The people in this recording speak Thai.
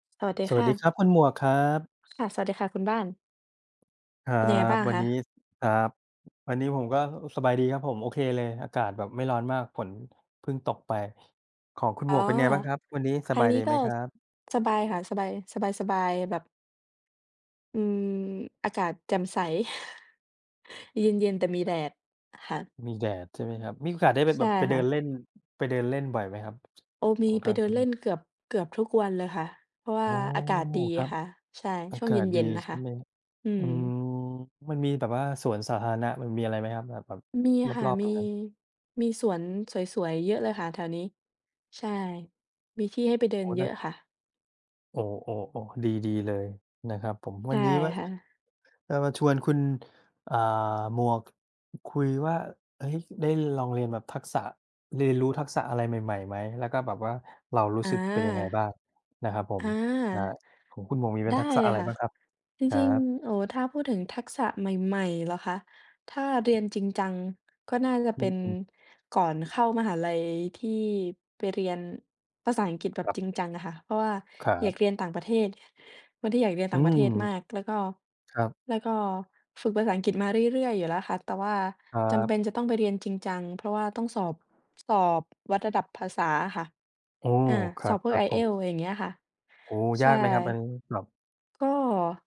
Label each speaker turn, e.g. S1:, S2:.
S1: สวัสดี
S2: ส
S1: ค
S2: วัส
S1: ่
S2: ดี
S1: ะ
S2: ครับ คุณหมวกครับ
S1: ค่ะ สวัสดีค่ะคุณบ้าน
S2: ครั
S1: เป็นยังไงบ
S2: บ
S1: ้าง
S2: วั
S1: ค
S2: น
S1: ะ?
S2: นี้ ครับ วันนี้ผมก็ เออ สบายดีครับผม โอเคเลย อากาศแบบไม่ร้อนมาก ฝนเพิ่งตกไป ของคุณ
S1: อ
S2: หม
S1: ๋อ
S2: วกเป็นไงบ้างครับ วันนี้ส
S1: ทา
S2: บ
S1: ง
S2: าย
S1: นี
S2: ด
S1: ้
S2: ี
S1: ก
S2: ไห
S1: ็
S2: มครับ?
S1: สบายค่ะ สบาย สบาย ๆ แบบ อืม อากาศแจ่มใส เย็น ๆ แต่มีแดด ค่ะ
S2: มีแดด ใช่ไหมครับ มีโอกาสได้ไป
S1: ใช
S2: แบ
S1: ่
S2: บ ไปเ
S1: ค
S2: ดิ
S1: ่
S2: น
S1: ะ
S2: เล่น ไปเดินเล่นบ่อยไหมครับ?
S1: โอ ม
S2: อ๋
S1: ี
S2: อ
S1: ไ
S2: ค
S1: ป
S2: รับ
S1: เดิ
S2: อื
S1: นเล
S2: ม
S1: ่นเกือบ เกือบทุกวันเลยค่ะ เพราะว่
S2: อ
S1: า
S2: ๋อ
S1: อากาศดี
S2: ครับ
S1: ค่ะ ใช่
S2: อ
S1: ช
S2: า
S1: ่วง
S2: กา
S1: เ
S2: ศ
S1: ย
S2: ดี
S1: ็น ๆ นะ
S2: ใช
S1: ค
S2: ่
S1: ะ
S2: ไหม?
S1: อื
S2: อื
S1: ม
S2: ม มันมีแบบว่าสวนสาธารณะ มันมีอะไรไหมครับ? แบบ แบบ
S1: มีค่ะ
S2: รอบ ๆ
S1: มี
S2: ตรงนั้น
S1: มีสวนสวย ๆ เยอะเลยค่ะ แถวนี้ ใช่ มีที่ให้ไปเดิ
S2: โอ
S1: น
S2: ้
S1: เย
S2: น่
S1: อะ
S2: า
S1: ค่ะ
S2: โอ ๆ ๆ ดี ๆ เลยนะครับผม
S1: ใช
S2: วั
S1: ่
S2: นนี้ว่า
S1: ค่ะ
S2: จะมาชวนคุณ อ่า หมวก คุยว่า เฮ้ย ได้ลองเรียนแบบทักษะ เรียนรู้ทักษะอะไรใหม่ ๆ ไหม? แล้วก็แบบว่า เรารู้
S1: อา
S2: สึกเป็นยังไงบ้าง นะครับผ
S1: อ
S2: ม?
S1: า
S2: อ่า ของคุณหมวกมีเป
S1: ไ
S2: ็
S1: ด
S2: น
S1: ้
S2: ทักษะ
S1: เล
S2: อ
S1: ย
S2: ะไร
S1: ค่
S2: บ
S1: ะ
S2: ้างครับ?
S1: จ
S2: ครั
S1: ริง
S2: บ
S1: ๆ โอ้ ถ้าพูดถึงทักษะใหม่ ๆ เหรอคะ? ถ้าเร
S2: คร
S1: ี
S2: ั
S1: ย
S2: บ
S1: นจริงจัง ก็น่าจะ
S2: อ
S1: เ
S2: ื
S1: ป็น
S2: อ ๆ
S1: ก่อนเข้ามหาลัย ที่ไปเรียนภาษาอังกฤษแบบ
S2: ครับ
S1: จริงจังอะค่ะ เพราะว่า
S2: ครั
S1: อยา
S2: บ
S1: กเรียนต่างประเทศ คนที่อยากเรียน
S2: อ
S1: ต่
S2: ื
S1: างประเ
S2: ม
S1: ทศมาก แล้วก็
S2: ครับ
S1: แล้วก็ฝึกภาษาอังกฤษมาเรื่อย ๆ อยู่แล้วค่ะ แต่ว่า
S2: ครั
S1: จำเป
S2: บ
S1: ็นจะต้องไปเรียนจริงจัง เพราะว่าต้องสอบ สอบวัดระดับภาษาอะค่ะ
S2: โอ้
S1: อา
S2: คร
S1: ส
S2: ั
S1: อบ
S2: บ
S1: พ
S2: ค
S1: วก
S2: รับ ผ
S1: IELTS
S2: ม
S1: อย่างเงี้ยค่ะ
S2: โอ้โฮ
S1: ใ
S2: ย
S1: ช่
S2: ากไหมครับอันนี้? สอบ
S1: ก็